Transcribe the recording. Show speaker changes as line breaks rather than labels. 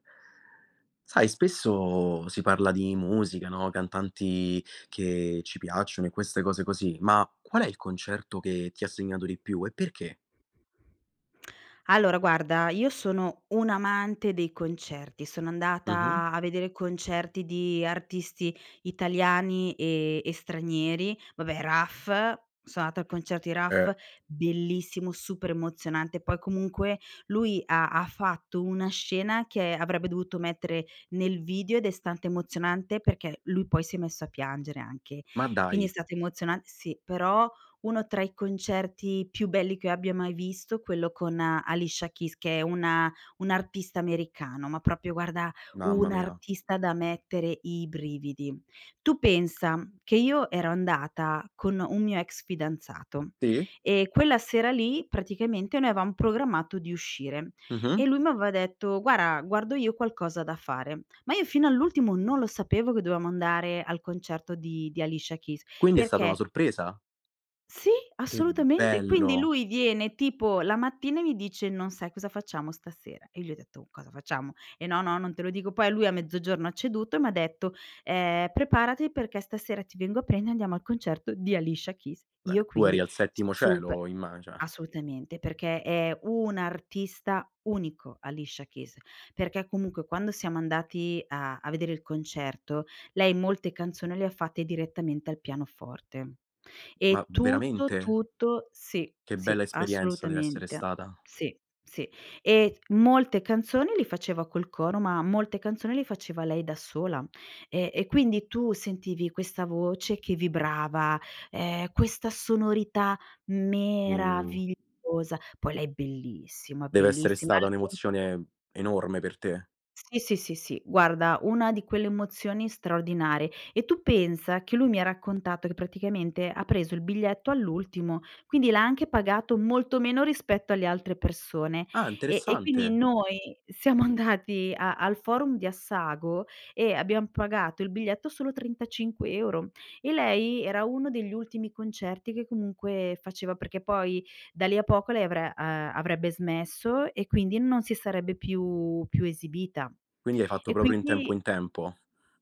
Sai, spesso si parla di musica, no, cantanti che ci piacciono e queste cose così, ma qual è il concerto che ti ha segnato di più e perché?
Allora guarda, io sono un'amante dei concerti, sono
Mh-mh.
andata a vedere concerti di artisti italiani e e stranieri, vabbè, Raf, sono andata al concerto di
Eh.
Raf, bellissimo, super emozionante, poi comunque lui ha ha fatto una scena che avrebbe dovuto mettere nel video ed è stante emozionante perché lui poi si è messo a piangere anche.
Ma
Quindi è
dai.
stato emozionan sì, però uno tra i concerti più belli che io abbia mai visto, quello con Alicia Keys che è una un'artista americano, ma proprio guarda,
Mamma mia.
un'artista da mettere i brividi. Tu pensa che io ero andata con un mio ex fidanzato,
Sì.
ehm, quella sera lì praticamente noi avevam programmato di uscire
Mh-mh.
e lui m'aveva detto: "Guarda guardo io qualcosa da fare". Ma io fino all'ultimo non lo sapevo che dovevamo andare al concerto di di Alicia Keys
Quindi è stata una
perché
sorpresa?
Sì
Che
assolutamente, quindi
bello
lui viene tipo la mattina e mi dice: "Non sai cosa facciamo stasera." E gli ho detto: "Cosa facciamo?" "Ehm, no, no non te lo dico." Poi lui a mezzogiorno ha ceduto e m'ha detto: "Ehm, preparati perché stasera ti vengo a prendere andiamo al concerto di Alicia Keys."
Beh,
Io
tu eri
quindi
al settimo
super
cielo immag cioè
assolutamente perché è un artista unico Alicia Keys, perché comunque, quando siamo andati a a vedere il concerto lei molte canzoni le ha fatte direttamente al pianoforte.
Ma
E tutto,
veramente?
tutto sì,
Che bella
sì,
esperienza dev'essere
assolutamente.
stata.
Sì, sì. E molte canzoni li faceva col coro, ma molte canzoni li faceva lei da sola. E e quindi tu sentivi questa voce che vibrava, ehm, questa sonorità
Oh.
meravigliosa. Poi lei bellissima,
Dev'essere
bellissima.
stata
Al tempo
un'emozione enorme per te.
Sì, sì, sì, guarda, una di quelle emozioni straordinarie. E tu pensa che lui mi ha raccontato che praticamente ha preso il biglietto all'ultimo, quindi l'ha anche pagato molto meno rispetto alle altre persone.
Ah
Eh, e quindi
interessante.
noi siamo andati a al forum di Assago e abbiam pagato il biglietto solo 35 €. E lei era uno degli ultimi concerti che comunque faceva, perché poi da lì a poco lei avre uhm, avrebbe smesso e quindi non si sarebbe più più esibita.
Quindi hai fatto
E
proprio in tempo,
quindi
in tempo?